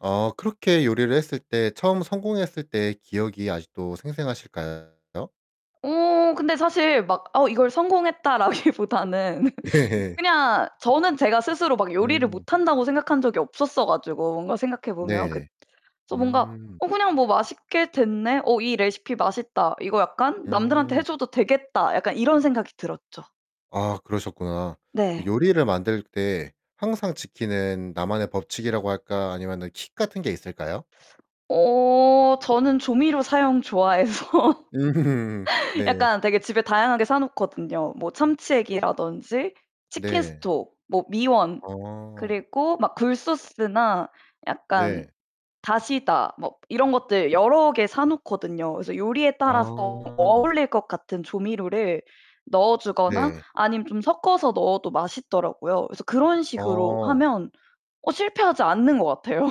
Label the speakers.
Speaker 1: 아 그렇게 요리를 했을 때 처음 성공했을 때 기억이 아직도 생생하실까요?
Speaker 2: 어 근데 사실 막 어 '이걸 성공했다.'라기보다는
Speaker 1: 예예.
Speaker 2: 그냥 저는 제가 스스로 막 요리를
Speaker 1: 음.
Speaker 2: 못한다고 생각한 적이 없었어 가지고 뭔가 생각해 보면 그
Speaker 1: 네.
Speaker 2: 그래서 뭔가
Speaker 1: 음.
Speaker 2: 어 그냥 뭐 '맛있게 됐네. 어 이 레시피 맛있다. 이거 약간 남들한테 해
Speaker 1: 음.
Speaker 2: 줘도 되겠다.' 약간 이런 생각이 들었죠.
Speaker 1: 아 그러셨구나. 그
Speaker 2: 네.
Speaker 1: 요리를 만들 때 항상 지키는 나만의 법칙이라고 할까? 아니면은 킥 같은 게 있을까요?
Speaker 2: 어 저는 조미료 사용 좋아해서
Speaker 1: 네.
Speaker 2: 약간 되게 집에 다양하게 사 놓거든요. 뭐 참치액이라든지
Speaker 1: 네.
Speaker 2: 치킨스톡, 뭐 미원
Speaker 1: 어.
Speaker 2: 그리고 막 굴소스나 약간
Speaker 1: 네.
Speaker 2: 다시다 뭐 이런 것들 여러 개 사 놓거든요. 그래서 요리에 따라서
Speaker 1: 아.
Speaker 2: 어울릴 것 같은 조미료를 넣어 주거나
Speaker 1: 네.
Speaker 2: 아니면 좀 섞어서 넣어도 맛있더라고요. 그래서 그런 식으로
Speaker 1: 어.
Speaker 2: 하면 어 실패하지 않는 것 같아요.